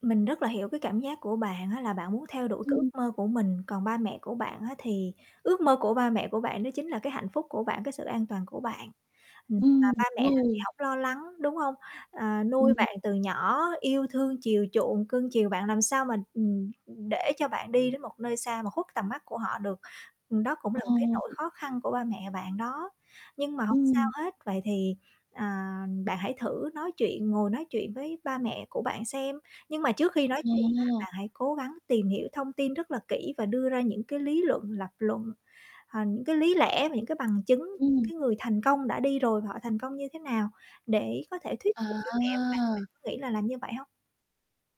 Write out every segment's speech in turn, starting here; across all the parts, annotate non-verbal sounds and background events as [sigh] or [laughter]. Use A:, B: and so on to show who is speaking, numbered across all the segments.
A: Mình rất là hiểu cái cảm giác của bạn á là bạn muốn theo đuổi cái ước
B: Ừm.
A: mơ của mình, còn ba mẹ của bạn á, thì ước mơ của ba mẹ của bạn đó chính là cái hạnh phúc của bạn, cái sự an toàn của bạn. Ừm, và
B: Ừm,
A: ba
B: đúng
A: mẹ nào thì
B: rồi.
A: hổng lo lắng, đúng hông? Ờ, nuôi
B: Ừm.
A: bạn từ nhỏ, yêu thương chiều chuộng, cưng chiều bạn làm sao mà, ừm, để cho bạn đi đến một nơi xa mà khuất tầm mắt của họ được, ừm, đó cũng
B: Ờ.
A: là một cái nỗi khó khăn của ba mẹ bạn đó. Nhưng mà hổng sao
B: Ừm.
A: hết, vậy thì, à, bạn hãy thử nói chuyện, ngồi nói chuyện với ba mẹ của bạn xem, nhưng mà trước khi nói chuyện á,
B: Ờ.
A: là hãy cố gắng tìm hiểu thông tin rất là kỹ và đưa ra những cái lý luận, lập luận, ờ, những cái lý lẽ và những cái bằng chứng
B: Ừm.
A: cái người thành công đã đi rồi và họ thành công như thế nào để có thể thuyết
B: À.
A: phục cho mẹ bạn. Bạn có nghĩ là làm như vậy hông?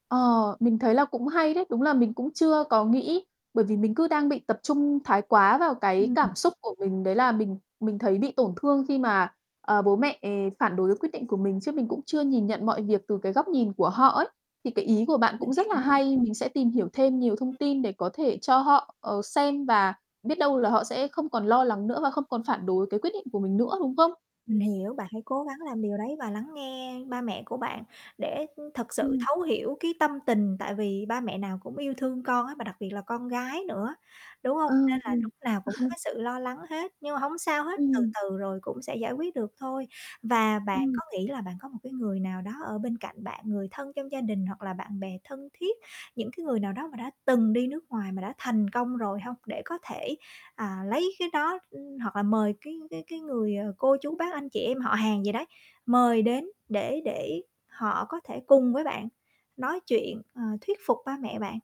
B: Ờ, mình thấy là cũng hay đấy, đúng là mình cũng chưa có nghĩ, bởi vì mình cứ đang bị tập trung thái quá vào cái
A: Ưm hưm.
B: cảm xúc của mình, đấy là mình mình thấy bị tổn thương khi mà, ờ, bố mẹ phản đối quyết định của mình, chứ mình cũng chưa nhìn nhận mọi việc từ, cái, góc nhìn của họ ấy. Thì cái ý của bạn
A: Mình
B: cũng rất là
A: hiểu.
B: hay, mình sẽ tìm hiểu thêm nhiều thông tin để có thể cho họ, ờ, xem và biết đâu là họ sẽ không còn lo lắng nữa và không còn phản đối cái quyết định của mình nữa, đúng không?
A: Mình hiểu, bạn hãy cố gắng làm điều đấy và lắng nghe ba mẹ của bạn để thật sự
B: Ừm.
A: thấu hiểu cái tâm tình, tại vì ba mẹ nào cũng yêu thương con á và đặc biệt là con gái nữa, đúng hông?
B: Ờ,
A: Nên là
B: ừm.
A: lúc nào cũng có
B: [chuckles]
A: cái sự lo lắng hết, nhưng mà hổng sao hết, từ
B: Ừm.
A: từ rồi cũng sẽ giải quyết được thôi. Và bạn
B: Ừm.
A: có nghĩ là bạn có một cái người nào đó ở bên cạnh bạn, người thân trong gia đình hoặc là bạn bè thân thiết, những cái người nào đó mà đã từng đi nước ngoài mà đã thành công rồi hông? Để có thể, à, lấy cái đó, ư, hoặc là mời cái cái cái người, ờ, cô chú bác anh chị em họ hàng gì đấy, mời đến để để họ có thể cùng với bạn nói chuyện, ờ, thuyết phục ba mẹ bạn,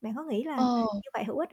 A: bạn có nghĩ là làm
B: Ờ.
A: như vậy hữu ích hông?